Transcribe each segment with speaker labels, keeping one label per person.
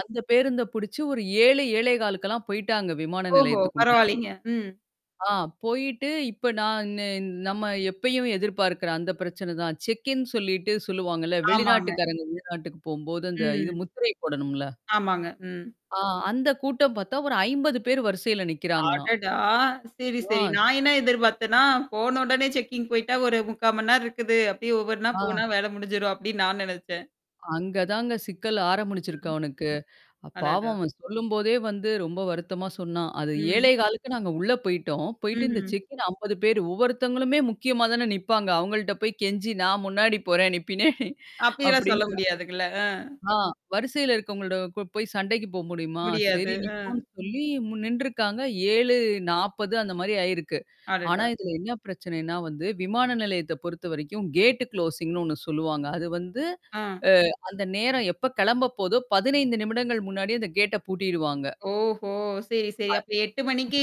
Speaker 1: அந்த பேருந்த புடிச்சு ஒரு 7 7:15க்கெல்லாம் போய்ட்டாங்க விமான
Speaker 2: ஓஹோ!
Speaker 1: நிலையத்துக்குள்ள.
Speaker 2: பரவாயில்லங்க. ம்.
Speaker 1: ஆ. போயிட்டு இப்ப நான் நே நம்ம எப்பயும் எதிர்பார்க்கறேன். அந்த பிரச்சனை தான். செக்ன்னு சொல்லிட்டு சொல்லுவாங்கல்ல.
Speaker 2: ஆமாங்க.
Speaker 1: வெளிநாட்டுக்காரங்க வெளிநாட்டுக்கு போம்போது அந்த இது
Speaker 2: ம்.
Speaker 1: முத்திரை போடணும்ல.
Speaker 2: ஆமாங்க. ம்.
Speaker 1: ஆ அந்த கூட்டம் பார்த்தா ஒரு 50 பேர் வரிசையில நிக்கிறாங்களாம்.
Speaker 2: அடடா! சரி, சரி.
Speaker 1: ஆ.
Speaker 2: நான் என்ன எதிர்பாத்தன்னா, போன உடனே செக்கிங் போய்ட்டா ஒரு 0:45 மணி நேரம் இருக்குது. அபடியே ஒவ்வொண்ணா
Speaker 1: ஆ.
Speaker 2: போனா வேல முடிஞ்சிரும் அப்டின்னு நான் நெனச்சேன்.
Speaker 1: அங்க தாங்க சிக்கல் ஆரம்பிச்சிருக்கு அவனுக்கு.
Speaker 2: அடடா!
Speaker 1: பாவம் அவன் சொல்லும்போதே வந்து ரொம்ப வருத்தமா சொன்னான். அது
Speaker 2: ம்.
Speaker 1: 7:15க்கு நாங்க உள்ள போய்ட்டோம். போயிட்டு இந்த
Speaker 2: ம்ஹம்.
Speaker 1: செக்கின் 50 பேரு ஒவ்வொருத்தவங்களுமே முக்கியமா தானே நிப்பாங்க. அவங்கள்ட்ட போய் கெஞ்சி நான் முன்னாடி போறேன் நீ பின்னாடி
Speaker 2: அப்டில்லாம் சொல்ல
Speaker 1: அப்டின்னு
Speaker 2: முடியாதுங்கள. அ.
Speaker 1: ஆ வரிசையில இருக்கவங்களட போய் சண்டைக்கு போ முடியுமா? சரி
Speaker 2: முடியாது. அ.
Speaker 1: நிப்போன்னு சொல்லி நின்றுருக்காங்க. 7:40 அந்த மாரி ஆயிருக்கு. ஆனா
Speaker 2: அடடா!
Speaker 1: இதல என்ன பிரச்சனைன்னா வந்து விமான நிலையத்த பொறுத்தவரைக்கும் கேட் கு்ளோசிங்ன்னு ஒண்ணு சொல்லுவாங்க. அது வந்து
Speaker 2: ஆ.
Speaker 1: அ அந்த நேரம் எப்ப கெளம்ப போதோ, 15 நிமிடங்கள் முன்னாடிய அந்த கேட்ட பூட்டிடுவாங்க.
Speaker 2: ஓஹோ! சரி, சரி.
Speaker 1: அ.
Speaker 2: அப்ப 8:00 மணிக்கு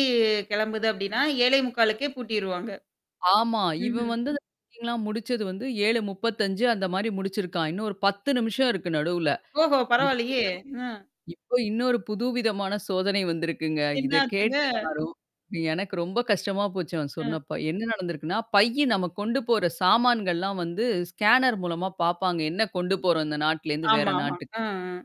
Speaker 2: கிளம்புது அப்படின்னா, 7:45க்கே பூட்டிருவாங்க.
Speaker 1: ஆமா. இவன்
Speaker 2: ம்ஹ்ம்.
Speaker 1: வந்து செக்கிங்லா முடிச்சது வந்து 7:35 அந்த மாரி முடிச்சிருக்கான். இன்னும் ஒரு 10 நிமிஷம் இருக்கு நடுவுல.
Speaker 2: ஓஹோ!
Speaker 1: இப்பதான்
Speaker 2: பரவால்லையே! அ.
Speaker 1: இப்ப இன்னொரு புதுவிதமான சோதனை வந்திருக்குங்க. இத
Speaker 2: என்னாச்சுங்க?
Speaker 1: கேட்டு நான் ரொம்ப எனக்கு ரொம்ப கஷ்டமா போச்சு அவன்
Speaker 2: ம்.
Speaker 1: சொன்னப்பா. என்ன நடந்திருக்குன்னா, பையி நம்ம கொண்டு போற சாமான்கள்லாம் வந்து ஸ்கேனர் மூலமா பாப்பாங்க. என்ன கொண்டு போறோம் இந்த நாட்டுலேருந்து வேற
Speaker 2: ஆமாமா.
Speaker 1: நாட்டுக்கு.
Speaker 2: அ, அ.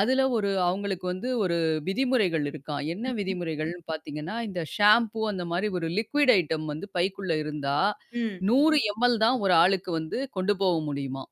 Speaker 1: அதுல ஒரு அவங்களுக்கு வந்து ஒரு விதிமுறைகள் இருக்காம். என்ன
Speaker 2: ம், ம்.
Speaker 1: விதிமுறைகள்னு பாத்தீங்கன்னா, இந்த ஷாம்பூ அந்த மாரி ஒரு லிக்ய்ட் ஐட்டம் வந்து பைக்குள்ள இருந்தா,
Speaker 2: ம்.
Speaker 1: 100 எம் எல் தான் ஒரு ஆளுக்கு வந்து கொண்டு போவ முடியுமா.